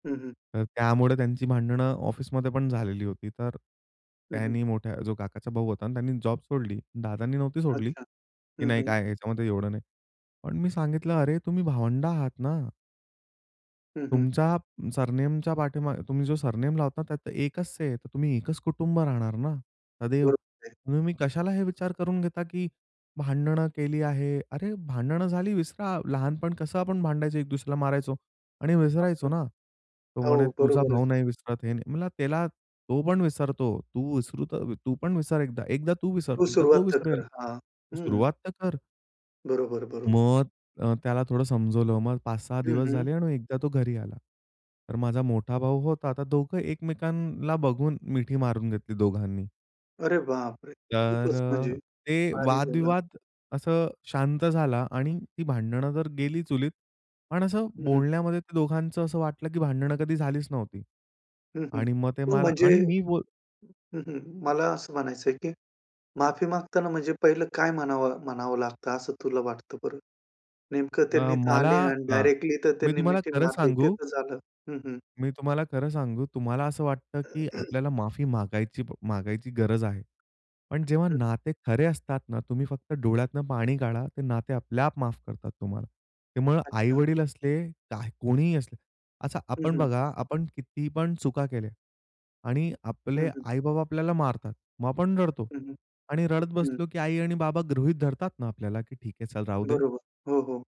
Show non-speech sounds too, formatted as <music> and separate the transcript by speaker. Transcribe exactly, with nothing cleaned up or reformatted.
Speaker 1: हं, हं.
Speaker 2: तर त्यामुळे त्यांची भांडणं ऑफिसमध्ये पण झालेली होती. तर
Speaker 1: हं, हं.
Speaker 2: त्यांनी मोठ्या जो काकाचा भाऊ होता. आणि त्यांनी जॉब सोडली, दादांनी नव्हती सोडली,
Speaker 1: अच्छा.
Speaker 2: की
Speaker 1: हं,
Speaker 2: नाही
Speaker 1: हं.
Speaker 2: काय ह्याच्यामध्ये एवढं नाही. पण मी सांगितलं, "अरे, तुम्ही भावंड आहात ना."
Speaker 1: हं, हं.
Speaker 2: तुमच्या सरनेम पाठीमागे तुम्ही जो सरनेम लावतात, त्यात एकच आहे, तर तुम्ही एकच कुटुंब राहणार ना, सद्दैव.
Speaker 1: बरोबर आहे.
Speaker 2: तुम्ही मग कशाला हे विचार करून घेता, की भांडणं केली आहे, "अरे, भांडणं झाली विसरा, लहानपण कसं आपण भांडायचो, एक दुसऱ्याला मारायचो आणि विसरायचो
Speaker 1: <unintelligible>
Speaker 2: ना." तो
Speaker 1: हो,
Speaker 2: म्हणे, "तुझा
Speaker 1: बरोबरच
Speaker 2: भाऊ
Speaker 1: आहे.
Speaker 2: नाही विसरत आहे." म्हणला त्याला, "तो पण विसरतो, तू विसरू तू पण विसर, एकदा एकदा तू विसर,
Speaker 1: तू
Speaker 2: एकदा तो
Speaker 1: सुरुवात तर
Speaker 2: विसरेल
Speaker 1: कर. हां. हं.
Speaker 2: सुरुवात तर कर."
Speaker 1: बरोबर, बरोबर.
Speaker 2: मग अ, त्याला थोडं समजवलं. मग पाच सहा
Speaker 1: हं,
Speaker 2: दिवस
Speaker 1: हं.
Speaker 2: झाले आणि एकदा तो घरी आला. तर माझा मोठा भाऊ होता, तर दोघं एकमेकांना बघून मिठी मारून घेतली दोघांनी.
Speaker 1: अरे बापरे!
Speaker 2: तर
Speaker 1: खूपच, म्हणजे
Speaker 2: अ, ते
Speaker 1: भारी झालं.
Speaker 2: वादविवाद असे शांत झाला आणि ती भांडणं तर गेली चुलीत. पण असं
Speaker 1: हं, हं.
Speaker 2: बोलण्यामध्ये ते दोघांच असं वाटलं, की भांडण कधी झालीच नव्हती.
Speaker 1: हं, हं.
Speaker 2: आणि मग ते
Speaker 1: मग
Speaker 2: मला
Speaker 1: म्हणजे
Speaker 2: आणि मी बोल
Speaker 1: हं, हं, मला असं म्हणायचंय, की माफी मागताना म्हणजे पहिलं काय म्हणावं म्हणावं लागतं, असं तुला वाटतं बरं? नेमकं त्यांनी
Speaker 2: अ,
Speaker 1: इथं
Speaker 2: मला
Speaker 1: आले आणि
Speaker 2: हां.
Speaker 1: डायरेक्टली तर
Speaker 2: मी
Speaker 1: त्यांनी
Speaker 2: तुम्हाला
Speaker 1: मिठी
Speaker 2: खरं
Speaker 1: मारली, ते
Speaker 2: सांगू
Speaker 1: तर झालं. हं, हं.
Speaker 2: मी तुम्हाला खरं सांगू, तुम्हाला असं वाटतं की
Speaker 1: <clears throat>
Speaker 2: आपल्याला माफी मागायची मागायची गरज आहे. पण जेव्हा
Speaker 1: अच्छा.
Speaker 2: नाते खरे असतात ना, तुम्ही फक्त डोळ्यातून पाणी गाळा. ते नाते आपल्याआप माफ करतात तुम्हाला. त्यामुळं
Speaker 1: अच्छा.
Speaker 2: आई-वडील असले, काय कोणीही असले. असं
Speaker 1: हं,
Speaker 2: आपण
Speaker 1: हं.
Speaker 2: बघा, आपण किती पण चुका केल्या आणि
Speaker 1: हं,
Speaker 2: आपले
Speaker 1: हं.
Speaker 2: आई-बाबा आपल्याला मारतात, मग आपण रडतो.
Speaker 1: हं, हं.
Speaker 2: आणि रडत
Speaker 1: हं.
Speaker 2: बसलो की आई आणि बाबा गृहीत धरतात ना, आपल्याला की ठीक आहे चल राहू दे.
Speaker 1: बरोबर. हो, हो.